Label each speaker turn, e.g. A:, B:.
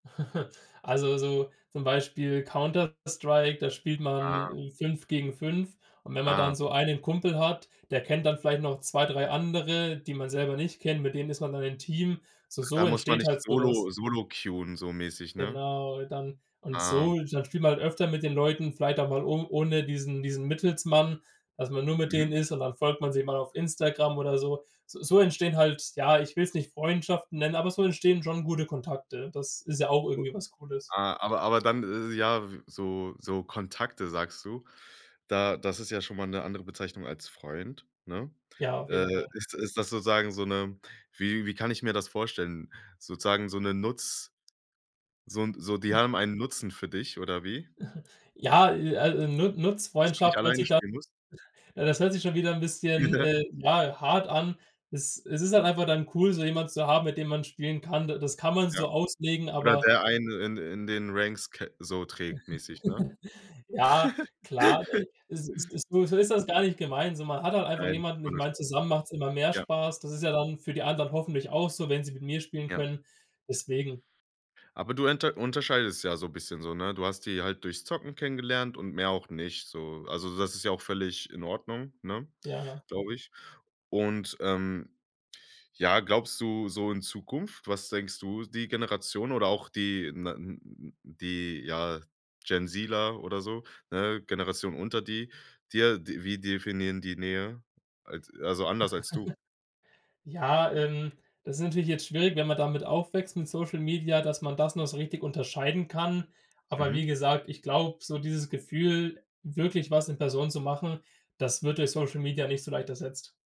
A: Also, so zum Beispiel „Counter Strike“, da spielt man,
B: Ah.
A: hm, 5 gegen 5. Und, wenn man
B: Ah.
A: dann so einen Kumpel hat der kennt dann vielleicht noch 2, 3 andere, die man selber nicht kennt mit denen ist man dann im Team. So
B: Ach, da
A: so
B: muss man
A: entsteht
B: nicht
A: halt so was.
B: solo solo queuen so mäßig, ne?
A: Genau, dann und
B: Ah.
A: so ist halt spielt man halt öfter mit den Leuten, vielleicht auch mal o ohne diesen diesen Mittelsmann, dass man nur mit
B: Mhm.
A: denen ist, und dann folgt man sich mal auf Instagram oder so. S so entstehen halt ja, ich will es nicht Freundschaften nennen, aber so entstehen schon gute Kontakte. Das ist ja auch
B: Cool.
A: irgendwie was Cooles.
B: Ah, aber aber dann isses ja, w so so Kontakte sagst du da das ist ja schon mal 'ne andere Bezeichnung als Freund, ne?
A: Ja, auf
B: Äh,
A: jeden Fall.
B: ist ist das sozusagen so 'ne wie wie kann ich mir das vorstellen? Sozusagen so 'ne Nutz so 'n so die haben einen Nutzen für dich oder wie?
A: Ja, äh, al äh, Nu
B: Dass du nicht
A: Nutzfreundschaft hört
B: alleine
A: sich dann
B: spielen musst?
A: das hört sich schon wieder 'n bisschen, äh, ja, hart an. Es es ist halt einfach dann cool, so jemanden zu haben, mit dem man spielen kann. Da das kann man so
B: Ja.
A: auslegen,
B: Oder
A: aber
B: der einen in in den Ranks ke so trägt mäßig, ne?
A: Ja, klar, äh, e es es so ist das gar nicht gemeint, so. Man hat halt einfach
B: Nein,
A: jemanden
B: war
A: ich
B: nur
A: meine,
B: Spaß.
A: zusammen macht's immer mehr
B: Ja.
A: Spaß. Das ist ja dann für die anderen hoffentlich auch so, wenn sie mit mir spielen
B: Ja.
A: können. Deswegen
B: Aber du unter unterscheidest ja so 'n bisschen so, ne? Du hast die halt durchs Zocken kennengelernt und mehr auch nicht, so. Also, so das ist ja auch völlig in Ordnung, ne
A: Ja.
B: glaube ich. Und, ähm, ja glaubst du so in Zukunft was denkst du? Die Generation oder auch die na n die, ja, GenZ-ler oder so, ne, Generation unter die dir, d wie definieren die Nähe? Als also, anders als du?
A: Ja, ähm, das ist natürlich jetzt schwierig, wenn man damit aufwächst, mit Social Media, dass man das noch so richtig unterscheiden kann. Aber wie
B: Mhm.
A: gesagt, ich glaube, so dieses Gefühl, wirklich was in Person zu machen, das wird durch Social Media nicht so leicht ersetzt.